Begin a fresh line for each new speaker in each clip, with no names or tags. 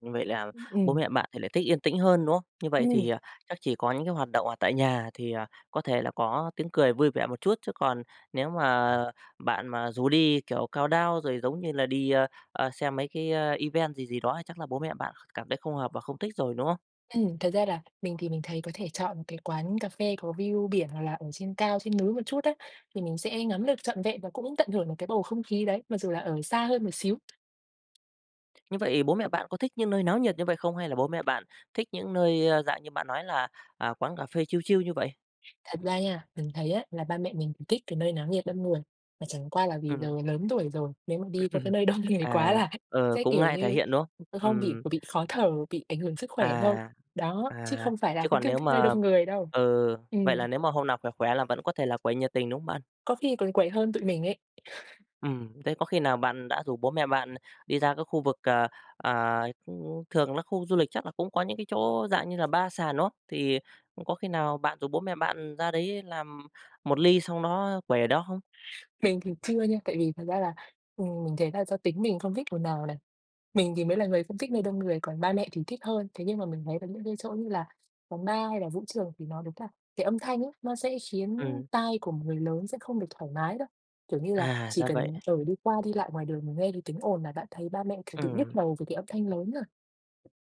Như vậy là bố
Ừm.
mẹ bạn thì lại thích yên tĩnh hơn, đúng hông? Như vậy thì,
Ừm.
à, chắc chỉ có những cái hoạt động ở tại nhà thì, à, có thể là có tiếng cười vui vẻ một chút, chứ còn nếu mà bạn mà rủ đi, kiểu, countdown, rồi giống như là đi, ơ, ơ, xem mấy cái, a, event gì gì đó thì chắc là bố mẹ bạn cảm thấy không hợp và không thích rồi, đúng hông?
Ừm, thật ra là mình thì mình thấy có thể chọn một cái quán cà phê có view biển hoặc là ở trên cao, trên núi một chút á thì mình sẽ ngắm được trọn vẹn và cũng tận hưởng được cái bầu không khí đấy mặc dù là ở xa hơn một xíu.
Như vậy bố mẹ bạn có thích những nơi náo nhiệt như vậy không, hay là bố mẹ bạn thích những nơi, ơ, dạng như bạn nói là, à, quán cà phê chill, chill như vậy?
Thật ra nha, mình thấy á là ba mẹ mình thích cái nơi náo nhiệt, đông người, mà chẳng qua là vì
Ừm.
giờ lớn tuổi rồi, nếu mà đi qua cái nơi đông người quá
À.
là
Ờ.
sẽ
cũng
kiểu
ngại thể
như,
hiện, đúng hông?
ờ, không bị
Ừm.
bị khó thở, bị ảnh hưởng sức khỏe thôi.
À.
Đó, chứ
À.
không phải là
Chứ
không
còn
thích
nếu
thích nơi
mà
đông người đâu.
ừ, vậy là
Ừm.
nếu mà hôm nào khỏe khỏe là vẫn có thể là quấy nhiệt tình, đúng hông bạn?
Có khi còn quầy hơn tụi mình ấy.
Ừm, thế có khi nào bạn đã rủ bố mẹ bạn đi ra cái khu vực, à, à, thường là khu du lịch chắc là cũng có những cái chỗ dạng như là bar sàn, đúng hông? Thì có khi nào bạn rủ bố mẹ bạn ra đấy làm một ly xong đó quẩy ở đó không?
Mình thì chưa nha, tại vì thật ra là, ừm, mình thấy là do tính mình không thích ồn ào này. Mình thì mới là người không thích nơi đông người, còn ba mẹ thì thích hơn. Thế nhưng mà mình thấy là những cái chỗ như là phòng bar hay là vũ trường thì nó đúng thật cái âm thanh ấy, nó sẽ khiến
Ừm.
tai của một người lớn sẽ không được thoải mái đâu, kiểu như là,
À,
chỉ
ra vậy.
cần, ờ, đi qua, đi lại ngoài đường mà nghe cái tíếng ồn là bạn thấy ba mẹ, kiểu, tự nhức
Ừm.
đầu về cái âm thanh lớn rồi.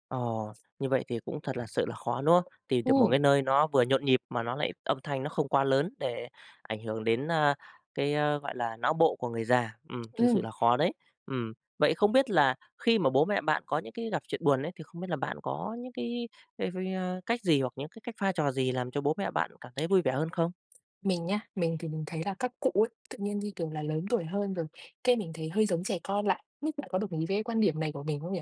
Ồ! Như vậy thì cũng thật là sự là khó, đúng không? Tìm được một
Ừm.
cái nơi nó vừa nhộn nhịp mà nó lại âm thanh nó không quá lớn để ảnh hưởng đến, a, cái, a, gọi là, não bộ của người già. Ừm, thực sự
Ừm.
là khó đấy. Ừm. Vậy không biết là khi mà bố mẹ bạn có những cái gặp chuyện buồn ấy, thì không biết là bạn có những cái [unintelligible] cách gì hoặc những cái cách pha trò gì làm cho bố mẹ bạn cảm thấy vui vẻ hơn không?
Mình nhá, mình thì mình thấy là các cụ ấy tự nhiên, như kiểu là, lớn tuổi hơn rồi cái mình thấy hơi giống trẻ con lại, nhất bạn có đồng ý với cái quan điểm này của mình không nhỉ?